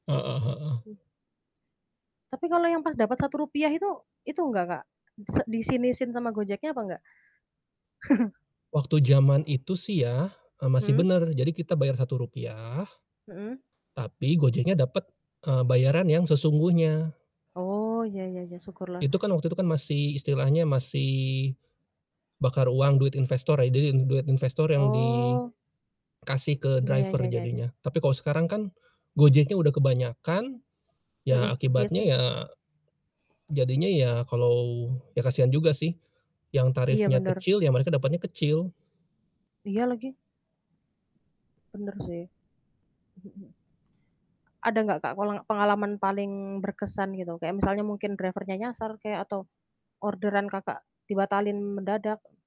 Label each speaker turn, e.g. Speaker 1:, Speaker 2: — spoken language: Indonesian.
Speaker 1: Heeh heeh.
Speaker 2: Hmm. Tapi kalau yang pas dapat Rp.1 itu itu enggak Kak, se disinisin sama Gojeknya apa enggak?
Speaker 1: Waktu jaman itu sih ya, eee, masih
Speaker 2: Hmm.
Speaker 1: bener, jadi kita bayar Rp.1
Speaker 2: Mhm.
Speaker 1: tapi Gojeknya dapet, eee, bayaran yang sesungguhnya.
Speaker 2: Oh, ya ya ya, syukurlah.
Speaker 1: Itu kan waktu itu kan masih istilahnya masih bakar uang duit investor ya, jadi d duit investor yang
Speaker 2: Oh.
Speaker 1: dikasih ke
Speaker 2: Ya ya
Speaker 1: driver
Speaker 2: ya ya ya.
Speaker 1: jadinya. Tapi kalo sekarang kan, Gojeknya udah kebanyakan, ya
Speaker 2: Mhm, iya
Speaker 1: akibatnya
Speaker 2: sih.
Speaker 1: ya jadinya ya kalau ya kasian juga sih yang
Speaker 2: Iya,
Speaker 1: tarifnya
Speaker 2: bener.
Speaker 1: kecil, ya mereka dapetnya kecil.
Speaker 2: Iya lagi. Bener sih. Mhm mhm. Ada nggak, Kak, kulang pengalaman paling berkesan gitu kayak misalnya mungkin driver-nya nyasar kek atau orderan Kakak dibatalin mendadak?